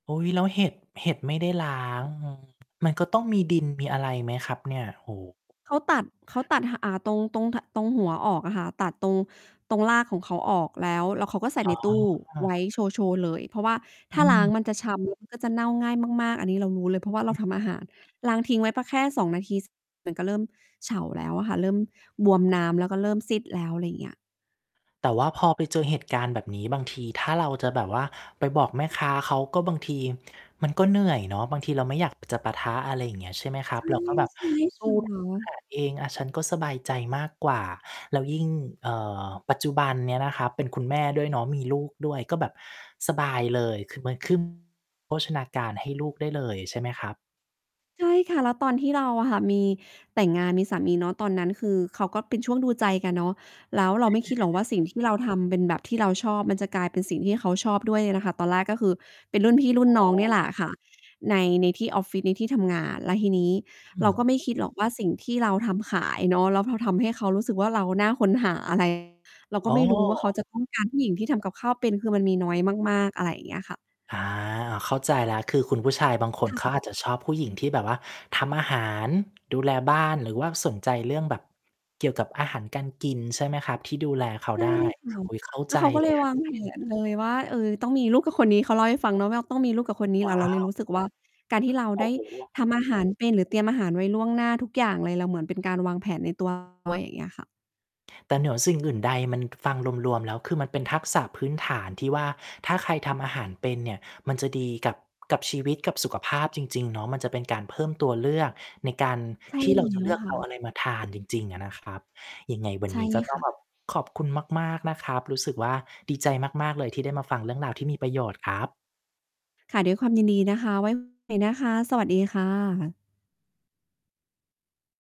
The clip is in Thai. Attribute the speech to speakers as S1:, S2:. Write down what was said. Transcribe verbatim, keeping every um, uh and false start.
S1: อุ๊ย แล้วเห็ด เห็ดไม่ได้ล้าง อือ มันก็ต้องมีดินมีอะไรไหมครับเนี่ย? โอ้โฮ
S2: เขาตัด เขาตัด ห อ่า ตรง ตรง ท ตรงหัวออกอะค่ะ ตัดตรง ตรงรากของเขาออกแล้ว แล้วเขาก็ใส่
S1: อ๋
S2: ในตู้ไว
S1: อ
S2: ้โชว์ โชว์เลย เพราะว่า
S1: อ
S2: ถ้าล้าง
S1: ืม
S2: มันจะ ช้ำมัน ก็จะเน่าง่ายมาก ๆ อันนี้เรารู้เลย เพราะว่าเราทำอาหาร ล้างทิ้งไว้ ป แค่ สอง นาที ส มันก็เริ่มเฉาแล้วอะค่ะ เริ่มบวมน้ำ แล้วก็เริ่มซีดแล้ว อะไรอย่างเงี้ย
S1: แต่ว่าพอไปเจอเหตุการณ์แบบนี้บางทีถ้าเราจะแบบว่าไปบอกแม่ค้าเขาก็บางที มันก็เหนื่อยเนาะ บางทีเราไม่อยากจะปะทะ อะไรอย่างเงี้ย ใช่ไหมครั
S2: ใช
S1: บ
S2: ่
S1: เราก็แบบ
S2: ใช่
S1: ส
S2: ค
S1: ู้
S2: ่
S1: อาห
S2: ะ
S1: ารเอง อะ ฉันก็สบายใจมากกว่า แล้วยิ่ง เอ่อ ปัจจุบันเนี้ยนะครับเป็นคุณแม่ด้วยเนาะมีลูกด้วย ก็แบบสบายเลยคือมัน ขึ้น โภชนาการให้ลูกได้เลยใช่ไหมครับ?
S2: ใช่ค่ะ แล้วตอนที่เราอะค่ะมีแต่งงานมีสามีเนาะ ตอนนั้นคือเขาก็เป็นช่วงดูใจกันเนาะ แล้วเรา
S1: อ
S2: ไม่คิดหรอกว
S1: า
S2: ่าสิ่งที่เรา ทำเป็นแบบที่เราชอบมันจะกลายเป็นสิ่งที่เขาชอบด้วยนะคะ ตอนแรกก็คือเป็นรุ่นพี่รุ่น
S1: อ๋
S2: น
S1: อ
S2: ้องเนี่ยแหละค่ะ ใน ในที่ออฟฟิศ ในที่ทำงาน แล้วทีนี้
S1: อื
S2: เราก
S1: ม
S2: ็ไม่คิดหรอกว่าสิ่งที่เราทำขายเนาะ แล้วเราทำให้เขารู้สึกว่า เราน่าค้นหา อะไร เรา
S1: อ
S2: ก
S1: ๋
S2: ็ไ
S1: อ
S2: ม่รู้ว่าเขาจะ ต้องการ ผู้หญิงที่ทำกับข้าวเป็น คือมันมีน้อยมาก ๆ อะไรอย่างเงี้ยค่ะ
S1: อา เข้าใจ แล้วคือคุณผู้ชายบางคน
S2: ค
S1: เขา
S2: ่ะ
S1: อาจจะชอบผู้หญิงที่แบบว่าทำอาหาร ดูแลบ้าน หรือว่าสนใจเรื่องแบบเกี่ยวกับอาหารการกิน ใช่ไหมครับ ที่ดูแลเขา
S2: ใช่
S1: ได้
S2: ค่ะ
S1: อุ๊ย เข้า
S2: แล
S1: ใ
S2: ้
S1: จ
S2: วเขาก็
S1: เล
S2: เล
S1: ย
S2: ย
S1: คร
S2: วา
S1: ับ
S2: งแผนเลย ว่า "เออ ต้องมีลูกกับคนนี้" เขาเล่าให้ฟังเนาะว่า ต้องมีลูกกับคนนี้
S1: ว
S2: แล
S1: ้
S2: ้ว
S1: า
S2: เราเล
S1: ว
S2: ยรู้สึก ว่า การที่เรา
S1: โอ
S2: ได
S1: ้
S2: ้
S1: โฮ
S2: ทำอาหารเป็น หรือเตรียมอาหารไว้ล่วงหน้าทุกอย่างเลย เราเหมือนเป็นการวางแผนใน ตัว ด้วยอย่างเงี้ยค่ะ
S1: แต่เหนือ สิ่งอื่นใดมันฟังรวม ๆ แล้วคือมัน เป็นทักษะพื้นฐานที่ว่า ถ้าใครทำอาหารเป็นเนี่ยมันจะดีกับ กับชีวิตกับสุขภาพจริง ๆ เนาะ มันจะเป็นการเพิ่มตัวเลือกในการ
S2: ใช่
S1: ที่
S2: แ
S1: เราจ
S2: ล
S1: ะ
S2: ้
S1: เล
S2: ว
S1: ือก
S2: ค
S1: เ
S2: ่
S1: อา
S2: ะ
S1: อะไรมาทานจริง ๆ อะนะครับ ยังไงวัน
S2: ใช่
S1: นี้ก็ต้
S2: ค
S1: อง
S2: ่
S1: แบ
S2: ะ
S1: บ ขอบคุณมาก ๆ นะครับ รู้สึกว่า ดีใจมาก ๆ เลยที่ได้มาฟังเรื่องราวที่มีประโยชน์ครับ
S2: ค่ะ ด้วยความยินดีนะคะ ไว้ คุยนะคะ สวัสดีค่ะ